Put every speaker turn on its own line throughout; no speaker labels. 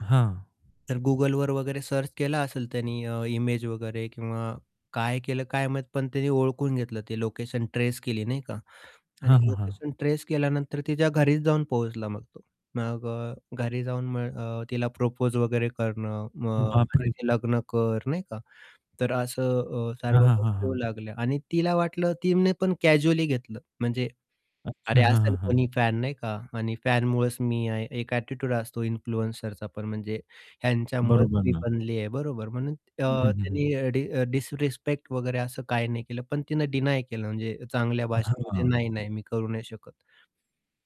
हां.
तर Googleवर वगैरे सर्च केला असेल त्यानी अ, इमेज वगैरे किंवा काय केलं काय माहीत, पण त्यानी ओळखून घेतलं ते लोकेशन ट्रेस केली नाही का. आणि
हां, हां, हां.
लोकेशन ट्रेस केल्यानंतर तिच्या घरीच जाऊन पोहोचला मग तो. मग अ, घरी जाऊन मग अ, तिला प्रपोज वगैरे करणं. मग
बाप रे!
माझ्याशी लग्न कर नाही का, तर असं अ, सर्व
हां, हां, हां,
गोष्टी होऊ
हां.
लागल्या. आणि तिला वाटलं, तिने पण कॅज्युअली घेतलं. म्हणजे, अरे,
अच्छा. हां, हां,
असेल
हां.
कोणी फॅन नाही का आणि फॅनमुळंच मी आहे एक एटिट्यूड असतो इन्फ्लुएन्सरचा पण. म्हणजे ह्यांच्यामुळेच
बरोबर
मी
ना.
बनली आहे, बरोबर. म्हणून
हं,
अ,
हं, हं, हं.
तिनी अ, डि डिसरेस्पेक्ट वगैरे असं काही नाही केलं. पण तिने डीनाय केलं. म्हणजे चांगल्या भाषेमध्ये
हां.
नाही-नाही मी करू नाही शकत.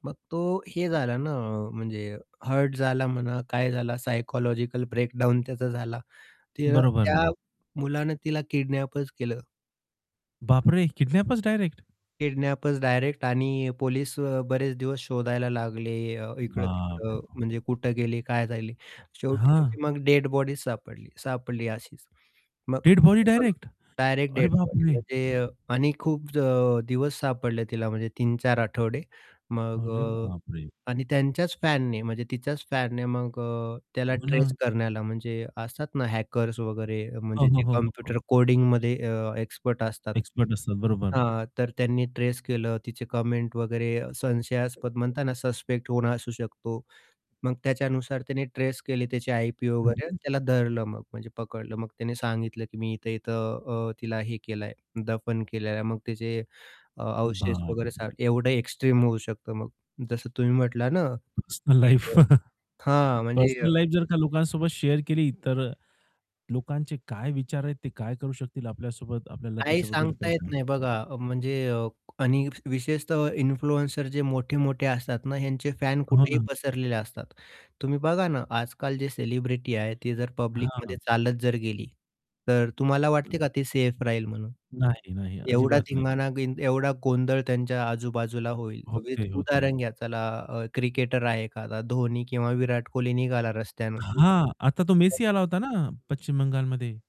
मग तो हे झाला ना आ, म्हणजे हर्ट झाला म्हणा काय झाला सायकॉलॉजिकल ब्रेकडाउन त्याचा झाला, तर
बरोबर
त्या
ना.
मुलाने तिला किडनॅपच केलं.
बापरे! Kidnappers direct.
किडनॅपचं डायरेक्ट आणि पोलीस अ, बरेच दिवस शोधायला लागले अ,
बापरे!
इकडं-तिकडं म्हणजे कुठे गेले? काय झाले? शेवटी
हं.
तिची मग डेड बॉडी सापडली, सापडली अशीच. मग
डेड बॉडी
असं पण
डायरेक्ट.
डायरेक्ट
अरे
डेड
बाप
बॉडी
रे!
म्हणजे आणि खूप ज दिवस सापडले तिला म्हणजे 3-4 आठवडे. मग
अरे
अ,
बाप रे!
आणि त्यांच्याच फॅनने म्हणजे तिच्याच फॅनने. मग अ, त्याला
हो
ट्रेस
ना.
करण्याला म्हणजे असतात ना हॅकर्स वगैरे अ,
हो,
म्हणजे
हो,
जे
हो, हो,
कॉम्प्युटर
हो.
कोडिंगमध्ये अ, एक्सपर्ट असतात
एक्सपर्ट असतात. बरोबर.
हां, तर त्यांनी ट्रेस केलं. तिचे कमेंट वगैरे अ, संशयास्पद
[unintelligible]
म्हणताना सस्पेक्ट कोण असू शकतो. मग त्याच्यानुसार त्याने ट्रेस केले, त्याचे आयपी वगैरे.
[unintelligible]
त्याला धरलं मग, म्हणजे पकडलं. मग त्याने सांगितलं, की मी इथं-इथं अ, तिला हे केलं आहे, दफन केलेलं आहे. मग त्याचे अ, अवशेष वगैरे
बापरे!
सा एवढं एक्स्ट्रीम होऊ शकतं मग. जसं तुम्ही म्हटला ना,
पर्सनल
की
लाईफ.
अ हां, म्हणजे अ
पर्सनल लाईफ जर का लोकांसोबत शेअर केली, तर लोकांचे काय विचार आहेत? ते काय करू शकतील आपल्यासोबत? आपल्याला
काही
त्याच्याबद्दल काय
सांगता येत नाही
सांगता येत
बघा. अ, म्हणजे अ, आणि विशेषतः इन्फ्लुएन्सर जे मोठे-मोठे असतात ना, ह्यांचे फॅन
हो
कुठेही
ना.
पसरलेले असतात. तुम्ही बघा ना आजकाल जे सेलिब्रिटी आहे, ती जर पब्लिकमध्ये
हां.
चालत जर गेली. तर तुम्हाला वाटते
[unintelligible]
का ते सेफ राहील म्हणून?
नाही, नाही.
एवढा
अजिबात नाही.
धिंगाणा गिन एवढा गोंधळ त्यांच्या आजूबाजूला होईल. विथ
होते, होते.
उदाहरण घ्या चला अ, क्रिकेटर आहे एखादा धोनी किंवा विराट कोहली निघाला रस्त्यानं. तर
हां. आता तो मेसी आला होता ना, पश्चिम बंगालमध्ये.